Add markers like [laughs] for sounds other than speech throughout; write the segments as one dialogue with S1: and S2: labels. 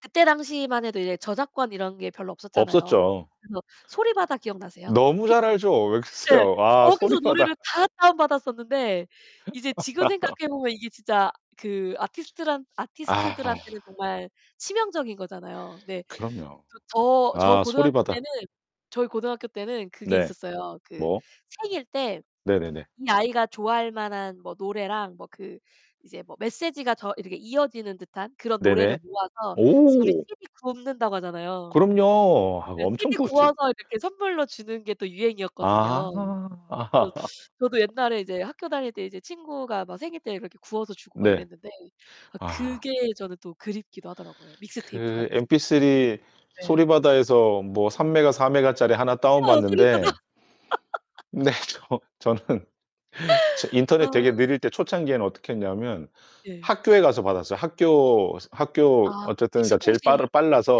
S1: 그때 당시만 해도 이제 저작권 이런 게 별로 없었잖아요.
S2: 없었죠.
S1: 그래서 소리바다 기억나세요?
S2: 너무 잘
S1: P2P.
S2: 알죠. 왜
S1: 예.
S2: 그러세요? 아,
S1: 거기서
S2: 소리바다.
S1: 노래를 다 다운받았었는데 이제 지금
S2: [laughs]
S1: 생각해 보면 이게 진짜 그 아티스트란
S2: 아.
S1: 아티스트들한테는 정말 치명적인 거잖아요. 네.
S2: 그럼요.
S1: 그리고 저 저
S2: 아,
S1: 고등학교
S2: 소리바다.
S1: 때는 저희 고등학교 때는 그게
S2: 네.
S1: 있었어요. 그
S2: 뭐?
S1: 생일 때
S2: 네네네.
S1: 이 아이가 좋아할 만한 뭐 노래랑 뭐 그 이제 뭐 메시지가 저 이렇게 이어지는 듯한 그런 노래를
S2: 네네.
S1: 모아서 시 우리
S2: 오.
S1: CD 굽는다고 하잖아요.
S2: 그럼요. 하고
S1: 이제
S2: 엄청
S1: CD
S2: 구웠지.
S1: 구워서 이렇게 선물로 주는 게 또 유행이었거든요. 그래서
S2: 아.
S1: 저도
S2: [laughs]
S1: 옛날에 이제 학교 다닐 때 이제 친구가 막 생일 때 이렇게 구워서 주고 막
S2: 네.
S1: 이랬는데 아
S2: 아.
S1: 그게 저는 또 그립기도 하더라고요
S2: 그
S1: 믹스테이프같이.
S2: MP3
S1: 네.
S2: 소리바다에서 뭐 3MB 4MB 짜리 하나
S1: 어, 소리바다.
S2: 다운받는데
S1: [laughs]
S2: 네. 저 저는 저 인터넷 되게
S1: 아.
S2: 느릴 때 초창기에는 어떻게 했냐면
S1: 예.
S2: 학교에 가서 받았어요. 학교 학교
S1: 아,
S2: 어쨌든 그러니까 제일
S1: PC통신
S2: 빠르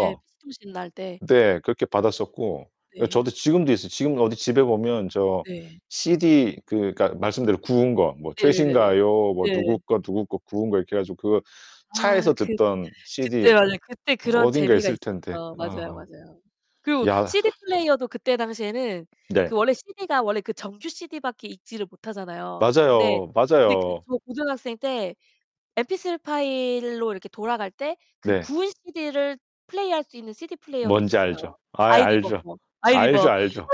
S1: 네, PC통신 날 때.
S2: 네, 그렇게 받았었고. 그러니까
S1: 네.
S2: 저도 지금도 있어요. 지금 어디 집에 보면 저
S1: 네.
S2: CD 그 그러니까 말씀대로 구운 거. 뭐
S1: 네네네네.
S2: 최신가요, 뭐
S1: 네.
S2: 누구 거, 누구 거 구운 거 이렇게 해 가지고 그
S1: 아
S2: 차에서
S1: 그
S2: 듣던
S1: 그때
S2: CD
S1: 맞아요. 그때 그런
S2: 어딘가
S1: 재미가
S2: 있을 텐데.
S1: 있었죠. 맞아요,
S2: 아.
S1: 맞아요. 그리고
S2: 야.
S1: CD
S2: [exhales]
S1: 플레이어도 그때 당시에는
S2: 네.
S1: 그 원래 CD가 원래 그 정규 CD밖에 읽지를 못하잖아요. 근데
S2: 맞아요.
S1: 근데 그
S2: 맞아요.
S1: 저 고등학생 때 MP3 파일로 이렇게 돌아갈 때 그
S2: 네.
S1: 구운 시디를 플레이할 수 있는 CD 플레이어도
S2: 뭔지
S1: 있었어요.
S2: 알죠. 아이
S1: 아이리버
S2: 알죠.
S1: 그거.
S2: 알죠,
S1: 아이리버.
S2: 알죠.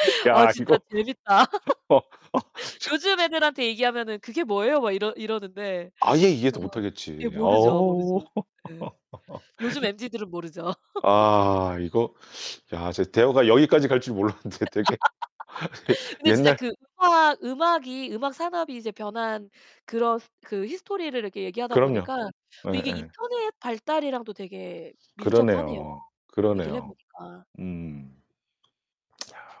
S2: [laughs]
S1: 아,
S2: 야,
S1: 진짜
S2: 이거
S1: 재밌다. [laughs]
S2: 저
S1: 요즘
S2: 저
S1: 애들한테 얘기하면은 "그게 뭐예요?" 막 이러 이러는데.
S2: 아예
S1: 아.
S2: 이해도
S1: 예
S2: 못하겠지.
S1: 모르죠,
S2: 어.
S1: 모르죠. 네. 요즘
S2: [laughs]
S1: 엠지들은 모르죠. [laughs]
S2: 아, 이거 야, 진짜 대화가 여기까지 갈 줄 몰랐는데 되게 예
S1: [laughs] 근데 진짜
S2: 옛날
S1: 그 음악 음악이 음악 산업이 이제 변한 그런 그 히스토리를 이렇게 얘기하다
S2: 그럼요.
S1: 보니까 또 이게
S2: 예예.
S1: 인터넷 발달이랑도 되게 밀접하네요.
S2: 그러네요.
S1: 얘기를 해
S2: 그러네요.
S1: 보니까.
S2: 음.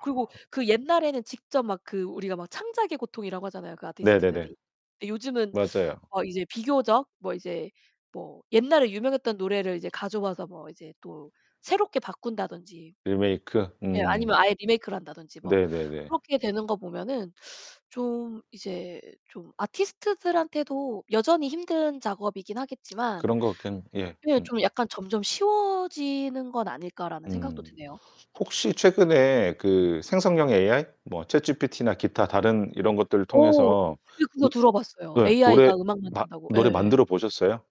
S1: 그리고
S2: 야.
S1: 그 옛날에는 직접 막 그 우리가 막 창작의 고통이라고 하잖아요, 그
S2: 네네네.
S1: 아티스트들이. 근데 요즘은
S2: 맞아요.
S1: 어 이제 비교적 뭐 이제 뭐 옛날에 유명했던 노래를 이제 가져와서 뭐 이제 또 새롭게 바꾼다든지.
S2: 리메이크.
S1: 예,
S2: 음.
S1: 아니면 아예 리메이크를 한다든지 뭐
S2: 네네네.
S1: 그렇게 되는 거 보면은 [sucks teeth] 좀 이제 좀 아티스트들한테도 여전히 힘든 작업이긴
S2: [smacks lips]
S1: 하겠지만
S2: 그런 것 같긴 예
S1: 네,
S2: 음음.
S1: 좀 약간 '점점 쉬워지는 건 아닐까.'라는 생각도
S2: 음.
S1: 드네요.
S2: 혹시 최근에
S1: 음.
S2: 그 생성형 AI? 뭐 ChatGPT나 기타 다른 이런 것들을
S1: 어,
S2: 통해서
S1: 근데 그거
S2: 으
S1: 들어 봤어요.
S2: 예, 노래
S1: AI가 음악
S2: 마
S1: 만든다고.
S2: 노래
S1: 예예.
S2: 만들어 보셨어요?